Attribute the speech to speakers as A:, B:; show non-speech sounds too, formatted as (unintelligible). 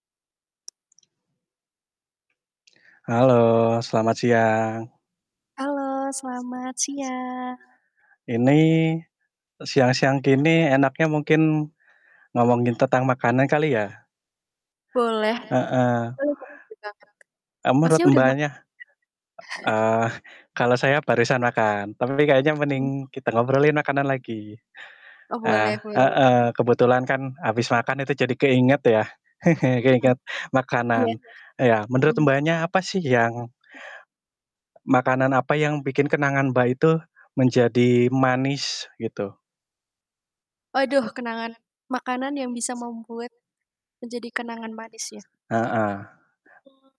A: Halo, selamat siang.
B: Halo selamat siang.
A: Ini siang-siang gini enaknya mungkin ngomongin tentang makanan kali ya?
B: Boleh.
A: Heeh.
B: (unintelligible)
A: Eee, Menurut
B: Masnya udah mak
A: Mbaknya,
B: (chuckles)
A: eee, kalau saya barusan makan, tapi kayaknya mending kita
B: (unintelligible)
A: ngobrolin makanan lagi,
B: Oh
A: eee,
B: boleh boleh.
A: heeh. Kebetulan kan habis makan itu jadi keinget ya, (chuckles)
B: Mhm.
A: keinget
B: Iya.
A: makanan. Ya, menurut
B: Mhm.
A: Mbaknya apa sih yang Makanan apa yang bikin kenangan Mbak itu menjadi manis gitu?
B: Waduh kenangan makanan yang bisa membuat menjadi kenangan manis ya?
A: Heeh.
B: (unintelligible)